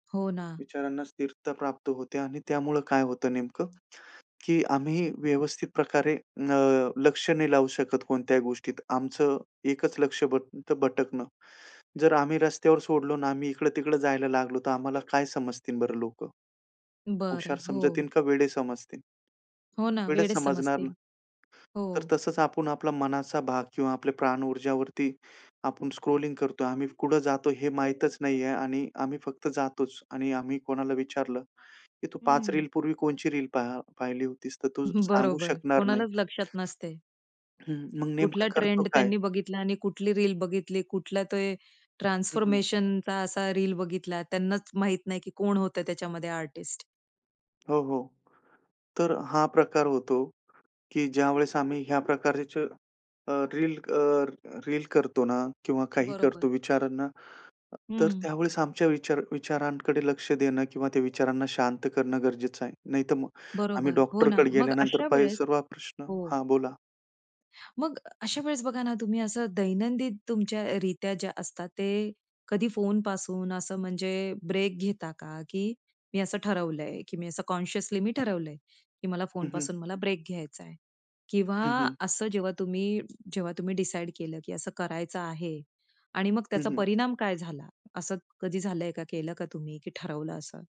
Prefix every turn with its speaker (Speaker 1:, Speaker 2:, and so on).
Speaker 1: हो ना.
Speaker 2: विचारांना स्थिरता प्राप्त होते आणि त्यामुळं काय होतं नेमकं, की आम्ही व्यवस्थित प्रकारे अ, लक्ष नाही लावू शकत कोणत्याही गोष्टीत. आमचं एकच लक्ष भट भटकणं. जर आम्ही रस्त्यावर सोडलो आणि आम्ही इकडं-तिकडं जायला लागलो, तर आम्हाला काय समजतील बरं लोकं?
Speaker 1: बरं,
Speaker 2: हुशार समजतील
Speaker 1: हो.
Speaker 2: का वेडे समजतील.
Speaker 1: हो ना,
Speaker 2: वेडच
Speaker 1: वेडच
Speaker 2: समजणार ना.
Speaker 1: समजतील.
Speaker 2: तर
Speaker 1: हो.
Speaker 2: तसंच आपण आपला मनाचा भाग किंवा आपले प्राण ऊर्जावरती आपण स्क्रॉलिंग करतोय. आम्ही कुठं जातो हे माहीतच नाहीये आणि आम्ही फक्त जातोच. आणि आम्ही कोणाला विचारलं, की तू 5
Speaker 1: हं.
Speaker 2: रील पूर्वी कोणची रील पाह पाहिली होतीस, तर तू सांगू
Speaker 1: बरोबर,
Speaker 2: शकणार नाही.
Speaker 1: कोणालाच लक्षात नसतं.
Speaker 2: हं, हं, मग
Speaker 1: कुठला
Speaker 2: नेमकं करतो
Speaker 1: ट्रेंड
Speaker 2: काय?
Speaker 1: त्यांनी बघितला आणि कुठली रील बघितली, कुठला ते
Speaker 2: हं, हं.
Speaker 1: ट्रान्सफॉर्मेशनचा असा रील बघितला, त्यांनाच माहीत नाही, की कोण होतं त्याच्यामध्ये आर्टिस्ट.
Speaker 2: हो, हो. तर हा प्रकार होतो, की ज्यावेळेस आम्ही ह्या प्रकारचे अ, रील अ, रील करतो ना किंवा काही करतो
Speaker 1: बरोबर.
Speaker 2: विचारांना, अ, तर
Speaker 1: हं.
Speaker 2: त्यावेळेस आमच्या विचार विचारांकडे लक्ष देणं किंवा त्या विचारांना शांत करणं गरजेचं आहे. नाहीतर मग आम्ही
Speaker 1: बरोबर, हो ना.
Speaker 2: डॉक्टरकडे
Speaker 1: मग
Speaker 2: गेल्यानंतर
Speaker 1: अशा
Speaker 2: प
Speaker 1: वेळेस
Speaker 2: सर्व प्रश्न
Speaker 1: हो.
Speaker 2: हां, बोला.
Speaker 1: मग अशा वेळेस बघा ना, तुम्ही असं दैनंदिन तुमच्या अ, रित्या ज्या असतात ते कधी फोनपासून असं म्हणजे ब्रेक घेता का, की मी असं ठरवलंय, की मी असं कॉन्शियसली मी ठरवलंय की मला
Speaker 2: हं, हं.
Speaker 1: फोनपासून मला ब्रेक घ्यायचा आहे किंवा
Speaker 2: हं, हं.
Speaker 1: असं जेव्हा तुम्ही जेव्हा तुम्ही डिसाईड केलं, की असं करायचं आहे आणि मग
Speaker 2: हं,
Speaker 1: त्याचा
Speaker 2: हं.
Speaker 1: परिणाम काय झाला, असं कधी झालंय का, केलं का तुम्ही की ठरवलं असं?